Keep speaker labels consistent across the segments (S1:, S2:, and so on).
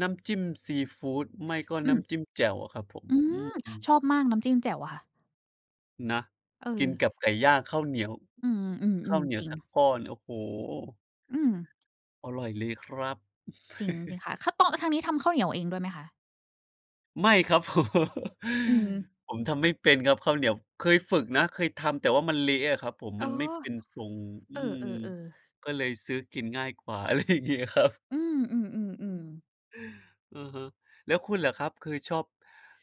S1: น้ำจิ้มซีฟูด ไม่ก็
S2: อื
S1: น้
S2: ม
S1: ำจิ้มแจ่วอะครับผม
S2: อื
S1: อื
S2: ม
S1: ม
S2: ชอบมากน้ำจิ้มแจ่วอะค่ะ
S1: นะ
S2: เ
S1: กิน
S2: ออ
S1: กับไก่ย่างข้าวเหนียว
S2: อื
S1: ข้า
S2: ม
S1: วเหน
S2: ๆ
S1: ี
S2: ๆ
S1: ย
S2: จร
S1: ว
S2: ิง
S1: สักก้อน โอ้โฮ
S2: อืม
S1: อร่อยเลยครับ
S2: จริง จริงค่ะ ข้าวต้อง ทางนี้ทำข้าวเหนียวเองด้วยไหมคะ?
S1: ไม่ครับ ผม
S2: อืม
S1: ผมทำไม่เป็นครับข้าวเหนียว เคยฝึกนะ เคยทำ แต่ว่ามันเละอะครับผม
S2: อ๋
S1: ม
S2: อ
S1: ันไม่เป็นทรง อ
S2: เอ
S1: ืม
S2: อ ๆ ๆ
S1: ก็เลยซื้อกินง่ายกว่า อะไรอย่างงี้ครับ
S2: อือ ๆ ๆ ๆ
S1: อะฮะ แล้วคุณล่ะครับ คือชอบ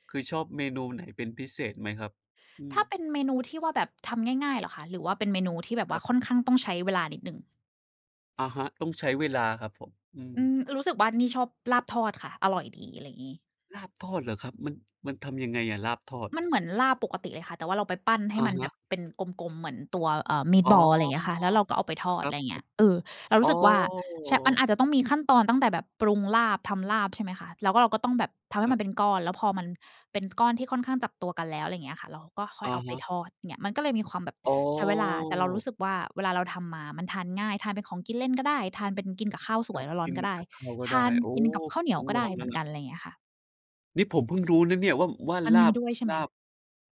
S1: คือชอบเมนูไหนเป็นพิเศษไหมครับ? อื
S2: ถ
S1: อ
S2: ้าเป็นเมนูที่ว่าแบบทำง่าย ๆ เหรอคะ หรือว่าเป็นเมนูที่แบบ
S1: ค
S2: ว่
S1: รั
S2: า
S1: บ
S2: ค่อนข้างต้องใช้เวลานิดหนึ่ง?
S1: อะฮะ ต้องใช้เวลาครับผม อื
S2: อื
S1: ม
S2: ม รู้สึกว่านี่ชอบลาบทอดค่ะ อร่อยดี อะไรงี้
S1: ลาบทอดเหรอครับ? มัน มันทำยังไงอะลาบทอด?
S2: มันเหมือนลาบปกติเลยค่ะ แต่ว่าเราไปปั้นให้
S1: อะ
S2: มัน
S1: ฮ
S2: แบ
S1: ะ
S2: บเป็นกลม ๆ เหมือนตัว เอ่อ
S1: อ
S2: meat
S1: ๋อ
S2: ball อะไรเงี้ยค่ะ แล้วเราก็เอาไปท
S1: ค
S2: อด
S1: รับ
S2: ไรเ
S1: ผ
S2: งี้ย เออ
S1: ม
S2: เรา
S1: อ
S2: รู
S1: ๋อ
S2: ้สึกว่า ใช่ มันอาจจะต้องมีขั้นตอนตั้งแต่แบบปรุงลาบ ทำลาบ ใช่ไหมคะ แล้วเราก็ต้องแบบทำ
S1: ค
S2: ให้
S1: รั
S2: มัน
S1: บ
S2: เป็นก้อน แล้วพอมันเป็นก้อนที่ค่อนข้างจับตัวกันแล้ว ไรเงี้ยค่ะ เราก็ค่
S1: อ
S2: อย
S1: ะ
S2: เอาไป
S1: ฮะ
S2: ทอด เงี้ย มันก็เลยมีความแบบ
S1: อ๋
S2: ใช้เวลา แต่เรารู
S1: อ
S2: ้สึกว่าเวลาเราทำมามันทานง่าย ทานเป็นของกินเล่นก็ได้ ทานเป็นกินกับข้าวส
S1: ค
S2: ว
S1: ร
S2: ย
S1: ับ
S2: ร้อ
S1: ก
S2: น
S1: ิ
S2: ๆ
S1: น
S2: ก็ได้
S1: กับข้าวก็
S2: ท
S1: ได้
S2: าน
S1: โอ้
S2: กิน
S1: โฮ
S2: กับข้าวเหนี
S1: ต
S2: ยว
S1: ้อง
S2: ก็
S1: ล
S2: ได
S1: อ
S2: ้
S1: ง
S2: เ
S1: แล
S2: หม
S1: ้
S2: ื
S1: ว
S2: อน
S1: ล
S2: ก
S1: ่ะ
S2: ัน ไรเงี้ยค่ะ
S1: นี่ผมเพิ่งรู้นะเนี่ยว่า ว่า
S2: มัน
S1: ล
S2: ม
S1: า
S2: ี
S1: บ
S2: ด้วยใช่ไห
S1: ล
S2: ม?
S1: าบ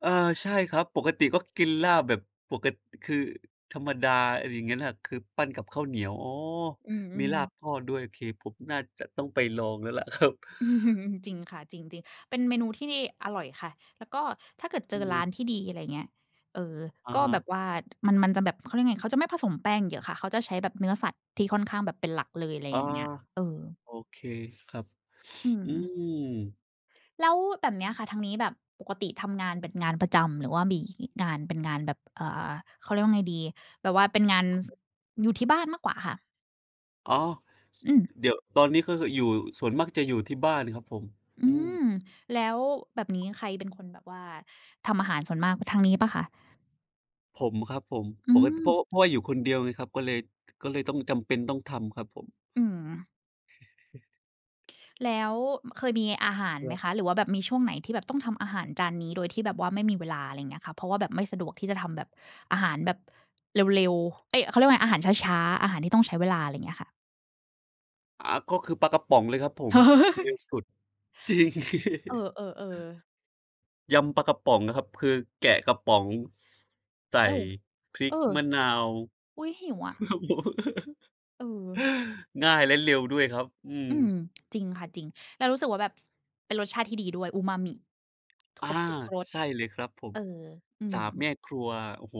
S1: เออ ใช่ครับ ปกติก็กินลาบแบบ ปก คือธรรมดา อะไรเงี้ยแหละ คือปั้นกับข้าวเหนียว อ้อ
S2: อื
S1: มี
S2: อ
S1: ลา
S2: ๆ
S1: บทอดด้วย เค ผมน่าจะต้องไปลองแล้วล่ะครับ
S2: จริงค่ะ จริง ๆ เป็นเมนูที่อร่อยค่ะ แล้วก็ถ้าเกิดเจอ
S1: น
S2: ร้าน
S1: ะ
S2: ที่ดี อะไรเงี้ย เออ
S1: อะ
S2: ก็
S1: ฮ
S2: แบ
S1: ะ
S2: บว่ามัน มันจะแบบ เขาเรียกไง เขาจะไม่ผสมแป้งเยอะค่ะ เขาจะใช้แบบเนื้อสัตว์ที่ค่อนข้างแบบเป็นหลักเลย ไร
S1: อา
S2: อย่างเงี้ย เออ
S1: โอเคครับ
S2: อื
S1: อื
S2: ม
S1: ม
S2: แล้วแบบเนี้ยค่ะ ทางนี้แบบปกติทำงานเป็นงานประจำ หรือว่ามีงานเป็นงานแบบ อ่า เขาเรียกว่าไงดี แบบว่าเป็นงาน
S1: ค ครับ
S2: อยู่ที่บ้านมากกว่าคะ?
S1: อ๋อ ส
S2: อือ
S1: เดี๋ยว ตอนนี้ก็คืออยู่ ส่วนมากจะอยู่ที่บ้านครับผม
S2: อื
S1: อื
S2: ม
S1: ม
S2: แล้วแบบนี้ใครเป็นคนแบบว่าทำอาหารส่วนมาก ทางนี้เปล่าคะ?
S1: ผม ครับผม
S2: อื
S1: ปกติ เพรา
S2: ม
S1: ะว่า เพราะว่าอยู่คนเดียวไงครับ ก็เลย ก็เลยต้องจำเป็นต้องทำครับผม
S2: อืม แล้วเคยมีอาหาร
S1: ค
S2: ไห
S1: ร
S2: ม
S1: ับ
S2: คะ? หรือว่าแบบมีช่วงไหนที่แบบต้องทำอาหารจานนี้ โดยที่แบบว่าไม่มีเวลา ไรเงี้ยค่ะ เพราะว่าแบบไม่สะดวกที่จะทำแบบอาหารแบบเร็ว ๆ เอ๊ย เขาเรียกว่าไง อาหารช้า ๆ อาหารที่ต้องใช้เวลา ไรเงี้ยค่ะ
S1: อ่า ก็คือปลากระป๋องเลยครับผม เร็วสุด จริง
S2: เออ ๆ ๆ
S1: ยำปลากระป๋องอะครับ คือแกะกระป๋อง ส ใส่
S2: อ้าว
S1: พริ
S2: เ
S1: ก
S2: ออ
S1: มะนาว
S2: อุ๊ย หิวอ
S1: ค
S2: ะ
S1: รับผม
S2: เออ
S1: ง่ายและเร็วด้วยครับ อืม
S2: อืม จริงค่ะ จริง แล้วรู้สึกว่าแบบ เป็นรสชาติที่ดีด้วย อูมามิ
S1: อ
S2: ค
S1: า
S2: รบทุกรส
S1: ใช่เลยครับผ
S2: เอ
S1: ม
S2: อ อื
S1: ส
S2: ม
S1: ามแม่ครัว โอ้โฮ